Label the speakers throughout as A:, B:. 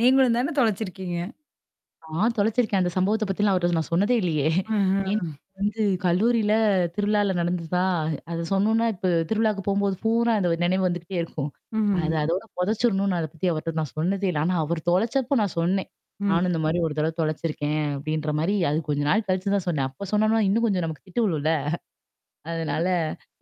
A: நீங்களும் தானே தொலைச்சிருக்கீங்க?
B: நான் தொலைச்சிருக்கேன். அந்த சம்பவத்த பத்திலாம் அவர்ட நான் சொன்னதே இல்லையே ஏன்
A: ஆஹ.
B: வந்து கல்லூரில திருவிழால நடந்துதுதான் அத சொன்னும்னா இப்ப திருவிழாவுக்கு போம்போது பூரா அந்த நினைவு வந்துகிட்டே இருக்கும்.
A: ம்ஹ்ம்.
B: அது அதோட புதைச்சரணும்னு அத பத்தி அவர்ட்ட நான் சொன்னதே இல்ல. ஆனா அவர் தொலைச்சப்ப நான் சொன்னேன்.
A: ம்.
B: நானும் இந்த மாரி ஒரு தடவ தொலைச்சிருக்கேன் அப்டின்ற மாரி அது கொஞ்சம் நாள் கழிச்சு தான் சொன்னேன். அப்ப சொன்னனா இன்னும் கொஞ்சம் நமக்கு திட்டு வுழும்ல. அதனால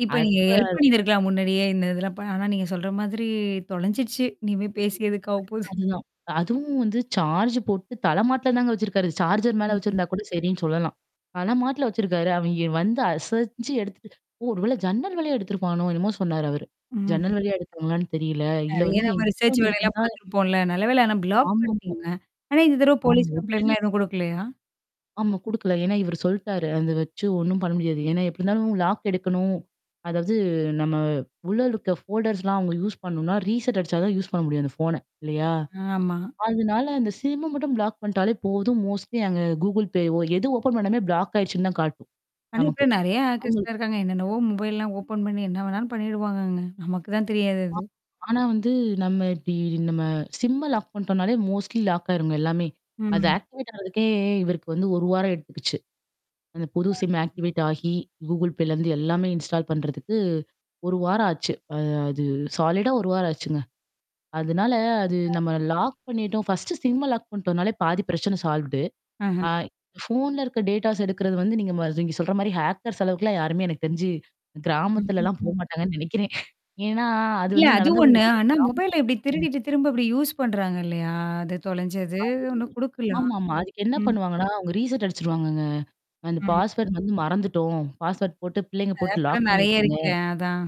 A: இப்ப நீங்க
B: அப்ப
A: ஹெல்ப்
B: அது
A: பண்ணியந்திருக்கலாம் முன்னாடியே இந்த இதெல்லாம் ப ஆனா நீங்க சொல்ற மாதிரி தொலைஞ்சிடுச்சு. இனிமே பேசி எதுக்கு ஆகபோது.
B: அதுதான். அதுவும் வந்து சார்ஜ் போட்டு தலமாட்ல தாங்க வச்சிருக்காரு. சார்ஜ்ர் மேல
A: ம்ஹம்.
B: வச்சிருந்தா கூட சரின்னு சொல்லலாம். தல மாட்ல வச்சிருக்காரு. அவன் வந்து அசஞ்சு எடுத்துட்டு ஓ! ஒரு வேள ஜன்னல் வேலையே எடுத்தத்துருப்பனோ என்னமோ சொன்னாரு அவரு.
A: ம்.
B: ஜன்னல் வழியா எடுத்தாங்களான்னு தெரியல. இதுல
A: நெறைய
B: வந்து
A: நம்ம
B: என்கிட்ட
A: ரிசர்ச்
B: வந்து
A: வேலயெல்லாம்
B: எடுத்துருந்தா
A: பார்த்துருப்போம்ல. நல்லவேல ஆனா ப்ளாக்
B: ஆமாமா.
A: பண்ணிட்டேங்க. ஆனா இந்த தடவ
B: ஆம்.
A: போலீஸ்
B: உடனே
A: கம்ப்ளைண்ட்லாம் எதுவும் குடுக்கலையா?
B: ஆமா, குடுக்கல. ஏன்னா இவரு சொல்ட்டாரு. அத வச்சு ஒண்ணும் பண்ண முடியாது. ஏன்னா எப்டி இருந்தாலும் லாக் எடுக்கணும். அதாவது நம்ம உள்ள இருக்க ஃபோல்டர்ஸ்லாம் அவுங்க யூஸ் பண்ணணுனா, ரீசெட் அடிச்சா தான் யூஸ் பண்ண முடியும். அந்த ஃபோன இல்லையா?
A: ஆமா.
B: அதனால அந்த சிம்ம மட்டும் பிளாக் பண்ணிட்டாலே போதும். மோஸ்ட்லி அங்க Google Payவோ எது ஓப்பன் பண்ணாமே ப்ளாக் ஆயிருச்சுன்னு தான் காட்டும்.
A: ஆனா,
B: நமக்கு.
A: இப்ப நெறைய
B: [unintelligible]
A: ஆக்கர்ஸ்லாம் இருக்காங்க. என்னென்னவோ மொபைல்லலாம் ஓப்பன் பண்ணி என்ன வேணாலு பண்ணிடுவாங்கங்க. நமக்கு தான் தெரியாது
B: ஆ
A: அது.
B: ஆனா வந்து நம்ம இப்டி நம்ம சிம்ம லாக் பண்ணிட்டோனாலே மோஸ்ட்லி லாக் ஆயிருங்க எல்லாமே. அது
A: ம்.
B: ஆக்டிவேட் ஆறதுக்கே இவருக்கு வந்து 1 வாரம் எடுத்துக்குச்சு. அந்த புது சிம்ம ஆக்டிவேட் ஆகி Google Payலருந்து எல்லாமே இன்ஸ்டால் பண்றதுக்கு 1 வாரம் ஆச்சு. அ அது சாலிடா 1 வாரம் ஆச்சுங்க. அதனால அது நம்ம லாக் பண்ணிட்டோம் ஃபஸ்டு சிம்ம லாக் பண்ணிட்டோம்னாலே பாதி பிரச்சனை சால்வடு.
A: ஆஹம்.
B: ஆ ஃபோன்ல இருக்க டேட்டாஸ் எடுக்குறது வந்து நீங்க ம நீங்க சொல்ற மாரி ஹேக்கர்ஸ் அளவுக்குலாம் யாருமே எனக்கு தெரிஞ்சு
A: ம், ம்,
B: கிராமத்துலலாம்
A: ம்.
B: போமாட்டாங்கன்னு நெனைக்கிறேன். ஏன்னா அது
A: இல்ல
B: வந்து
A: அது
B: நடந்தது
A: ஒண்ணு. ஆனா மொபைல்ல இப்டி
B: [unintelligible]
A: திருடிட்டு திரும்ப அப்டி யூஸ் பண்றாங்க இல்லையா? அது
B: அத
A: தொலைஞ்சது ஒண்ணு குடுக்கலாம்.
B: [unintelligible] ஆமாமா. அதுக்கு என்ன
A: ம்.
B: பண்ணுவாங்கன்னா, அவங்க ரீசெட் அடிச்சுருவாங்கங்க. அந்த
A: ம்.
B: பாஸ்வர்ட் வந்து மறந்துட்டோம். பாஸ்வர்ட் போட்டு பிள்ளைங்க
A: அத
B: போட்டு லாக்
A: ஆப்லாம் நறைய
B: பண்ணிருச்சுங்க.
A: இருக்கே அதான்.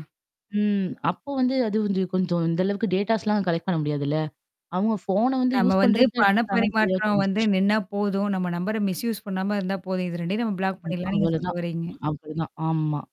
B: ம். அப்போ வந்து அது வந்து கொஞ்சம் இந்த அளவுக்கு டேட்டாஸ்லாம் கலெக்ட் பண்ண முடியாதுல்ல. அவங்க ஃபோன வந்து
A: நம்ம
B: யூஸ்
A: வந்து
B: பண்றதுக்கு தான்
A: பண
B: எடுத்துருக்காங்கன்னு தெளிவா
A: பரிமாற்றம் வந்து
B: தெரிஞ்சச்சு.
A: நின்னா போதும். நம்ம நம்பர மிஸ் யூஸ் பண்ணாம இருந்தா போதும். இது 2யும் நம்ம பிளாக்
B: ம்
A: பண்ணிடலாம்னு நீங்க சொல்ல
B: அவ்வளோதான்.
A: வர்றீங்க.
B: அப்டிதான். ஆமா.